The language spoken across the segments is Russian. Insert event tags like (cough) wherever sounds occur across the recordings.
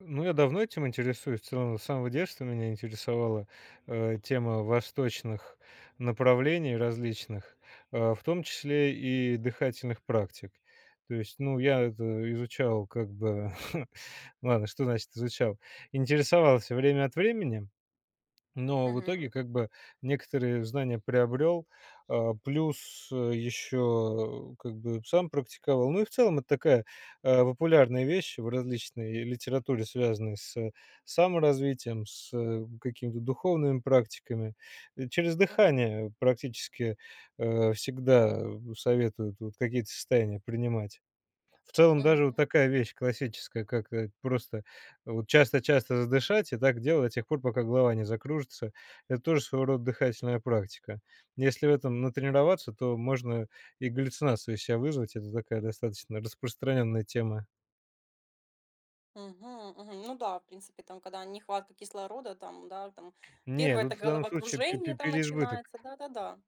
Ну, я давно этим интересуюсь. В целом, с самого детства меня интересовала, э, тема восточных направлений различных, э, в том числе и дыхательных практик. То есть, ну, я это изучал как бы. (chuckles) Ладно, что значит изучал? Интересовался время от времени, но в Мгм. итоге как бы некоторые знания приобрел. А, плюс, э, еще как бы сам практиковал, ну и в целом, это такая, а, популярная вещь в различной литературе, связанной с саморазвитием, с, э, каким-то духовными практиками. И через Мгм. дыхание практически, э, всегда, э, советуют вот какие-то состояния принимать. В целом Мгм, даже вот мгм. такая вещь классическая, как, э, просто вот часто-часто задышать и так делать до тех пор, пока голова не закружится. Это тоже своего рода дыхательная практика. Если в этом натренироваться, то можно и галлюцинацию из ся вызвать. Это такая достаточно распространенная тема. Мгм, мгм. Ну да, в принципе, там когда нехватка кислорода там, да, там Не, 1- это тут в данном случае пе пе головокружение там переизбыток. начинается, да-да-да.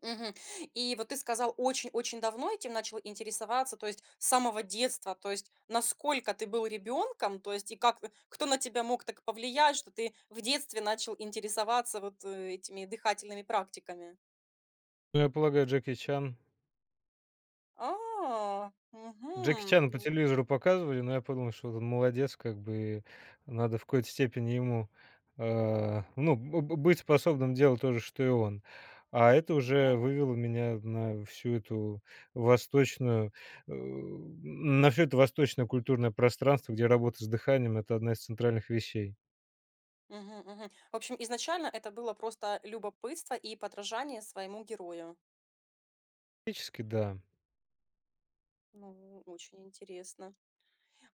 Мгм. И вот ты сказал, очень-очень давно этим начал интересоваться, то есть с самого детства, то есть насколько ты был ребёнком, то есть, и как кто на тебя мог так повлиять, что ты в детстве начал интересоваться вот, э, этими дыхательными практиками? Ну, я полагаю, Джеки Чан. А, Джеки мгм, Чана по ну. телевизору показывали, но я подумал, что вот он, молодец как бы, надо в какой-то степени ему э, ну, б б быть способным делать то же, что и он. А это уже Мгм. вывело меня на всю эту восточную э, на всё это восточное культурное пространство, где работа с дыханием- это одна из центральных вещей. Мгм, мгм. В общем, изначально это было просто любопытство и подражание своему герою. Практически, да. Ну, очень интересно.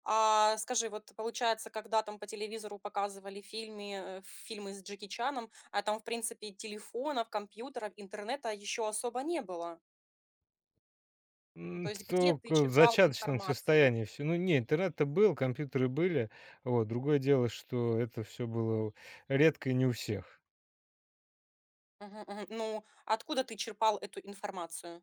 А скажи, вот ты, получается, когда там по телевизору показывали фильми э, фильмы с Джеки Чаном, а там в принципе телефонов, компьютеров, интернета ещё особо не было. То М. есть где ты Только в черпал зачаточном информацию? состоянии всё. Ну, не, интернет-то был, компьютеры были. Вот. Другое дело, что это всё было у редко и не у всех. Мгм, мгм. Ну, откуда ты черпал эту информацию?